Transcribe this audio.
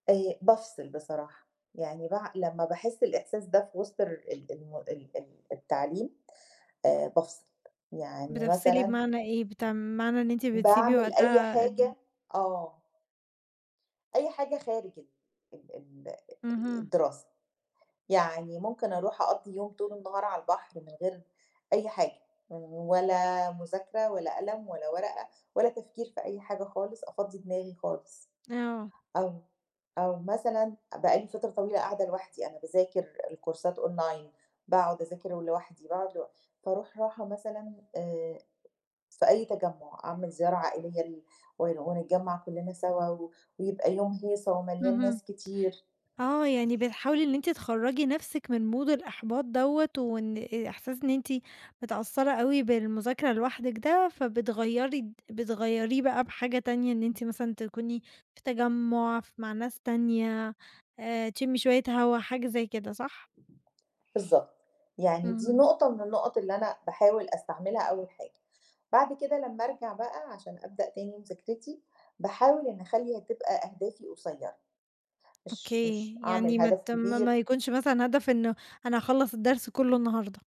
آآ بافصل بصراحة، يعني بع لمّا باحس الإحساس ده في وسط الر ال ال ال التعليم، آآ بافصل، يعني بتفصلي مثلًا بمعنى إيه؟ بتع معنى إن أنتِ بتسيبي باعمل أي وقتها ال حاجة آه. أي حاجة خارج ال ال اهم. الدراسة، يعني ممكن أروح أقَضي يوم طول النهار على البحر، من غير أي حاجة، ولا مذاكرة، ولا قلم، ولا ورقة، ولا تفكير في أي حاجة خالص، أفضي دماغي خالص. آه. أو أو مثلًا بَقى لي فترة طويلة قاعدة لوحدي، أنا باذاكر الكورسات أونلاين، باقعد أذاكر لوحدي، باقعد لو فاروح راحة مثلًا آآ في أي تجمُّع، أعمل زيارة عائلية، ل و ونتجمّع كلنا سوا، ويبقى يوم هيصة ومليان اهم، ناس كتير. آه، يعني بتحاولي إن أنتِ تخَرّجي نَفْسِك من mood الإحباط دوّة، وإن آآ إحساس إن أنتِ متأثرة أوي بالمذاكرة لوحدِك ده، فبتغيّري فبتغيّريه بَقى بحاجة تانية، إن أنتِ مثلًا تكوني في تجمُّع، ف مع ناس تانية، آآ تشمي شوية هوا، حاجة زي كده، صح؟ بالضبط، يعني دي اهم. نقطة من النقط اللي أنا باحاول أستعملها أول حاجة، بعد كده لما أرجَع بَقى عشان أبدأ تاني مذاكرتي، باحاول إني أخَلّي هتبقى أهدافي قصيرة، مش أوكي، مش يعني أعمل ما هدف ت ما ما كبير. يكونش مثلًا هدف إنه أنا هاخَلَّص الدرس كله النهاردة.